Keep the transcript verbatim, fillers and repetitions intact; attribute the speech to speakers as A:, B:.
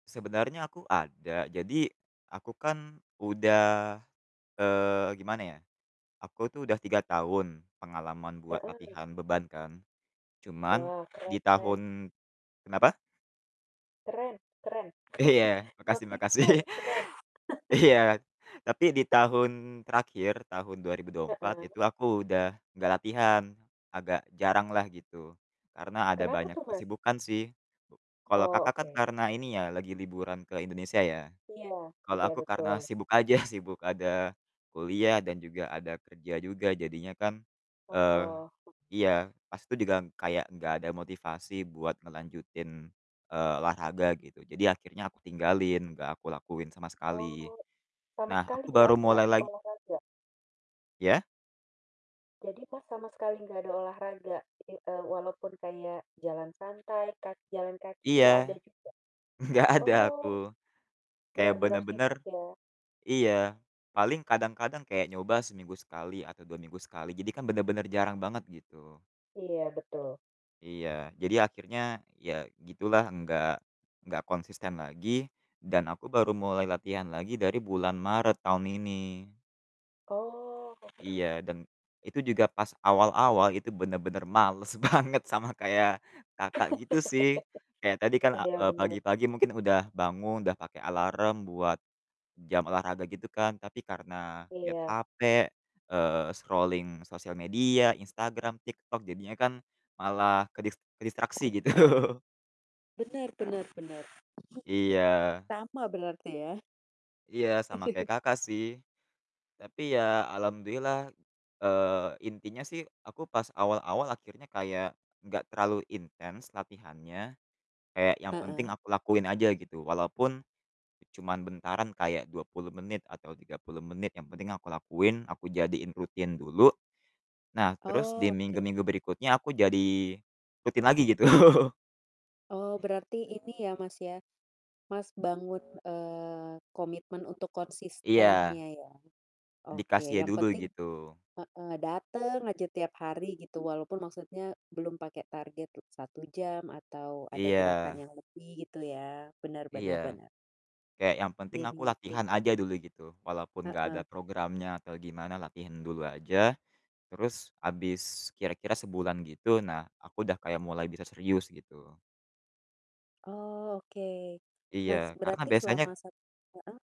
A: Sebenarnya aku ada, jadi, aku kan udah, eee, gimana ya, aku tuh udah tiga tahun pengalaman buat
B: Heeh.
A: latihan beban kan. Cuman
B: Wah, keren
A: di
B: keren.
A: tahun kenapa?
B: Keren keren.
A: Iya makasih makasih.
B: Konsisten, keren.
A: Iya, tapi di tahun terakhir tahun dua ribu dua empat itu
B: Heeh.
A: aku udah nggak latihan, agak jaranglah gitu. Karena ada
B: Kenapa
A: banyak
B: tuh, Mas?
A: kesibukan sih gitu. Kalo,
B: Oh,
A: Kakak, kan
B: oke.
A: karena ini ya lagi liburan ke Indonesia ya.
B: Iya
A: Kalo
B: iya
A: aku karena
B: betul.
A: sibuk aja, sibuk ada kuliah dan juga ada kerja juga jadinya kan eee,
B: Oh.
A: iya, pas itu degang kayak nggak ada motivasi buat ngelanjutin, eee, olahraga gitu. Jadi akhirnya aku tinggalin, nggak aku lakuin sama sekali.
B: Oh, sama
A: Nah,
B: sekali
A: aku
B: nggak
A: baru
B: ada
A: mulai lagi
B: olahraga?
A: Iya.
B: Jadi Mas, sama sekali nggak ada olahraga i eee, walaupun kayak jalan santai, ka jalan kaki nggak ada
A: Iya,
B: juga?
A: enggak ada aku.
B: Oh,
A: Kayak
B: benar-benar
A: bener-bener
B: sibuk ya.
A: iya, paling kadang-kadang kayak nyoba seminggu sekali atau dua minggu sekali, jadi kan bener-bener jarang banget, gitu.
B: Iya, betul.
A: Iya, jadi akhirnya ya gitulah enggak enggak konsisten lagi dan aku baru mulai latihan lagi dari bulan Maret tahun ini.
B: Oh, oke.
A: Iya, dan itu juga pas awal-awal itu bener-bener males banget sama kayak, Kakak, gitu sih. Kayak tadi kan, a
B: Iya,
A: eee,
B: bener.
A: pagi-pagi mungkin udah bangun, udah pake alarm buat jam olahraga gitu kan. Tapi karena lihat
B: Iya.
A: HP, eee, scrolling sosial media, Instagram, TikTok jadinya kan malah kedis kedistraksi gitu.
B: Benar benar benar.
A: Iya.
B: Sama berarti ya?
A: Iya, sama kayak, Kakak, sih. Tapi ya alhamdulillah, eee, intinya sih aku pas awal-awal akhirnya kayak enggak terlalu intens latihannya, kayak yang penting
B: Heeh.
A: aku lakuin aja gitu walaupun cuman bentaran kayak dua puluh menit atau tiga puluh menit, yang penting aku lakuin, aku jadiin rutin dulu. Nah terus
B: Oke
A: di minggu-minggu
B: oke.
A: berikutnya aku jadi rutin lagi gitu.
B: Oh, berarti ini ya, Mas ya, Mas bangun, eee, komitmen untuk
A: Iya.
B: konsistennya ya. Oke,
A: Dikasia
B: yang
A: dulu,
B: penting
A: gitu.
B: heeh, dateng aja tiap hari gitu, walaupun maksudnya belum pake target le satu jam atau ada gerakan
A: Iya.
B: yang lebih gitu ya. Bener bener
A: Iya,
B: bener.
A: kayak yang penting aku
B: Diniatin
A: latihan
B: ya?
A: aja dulu gitu, walaupun nggak ada
B: Heeh.
A: programnya atau gimana latihan dulu aja, terus habis kira-kira sebulan gitu, nah aku udah kayak mulai bisa serius, gitu.
B: Oke,
A: Iya,
B: nas
A: karena
B: berarti
A: biasanya
B: selama sat heeh?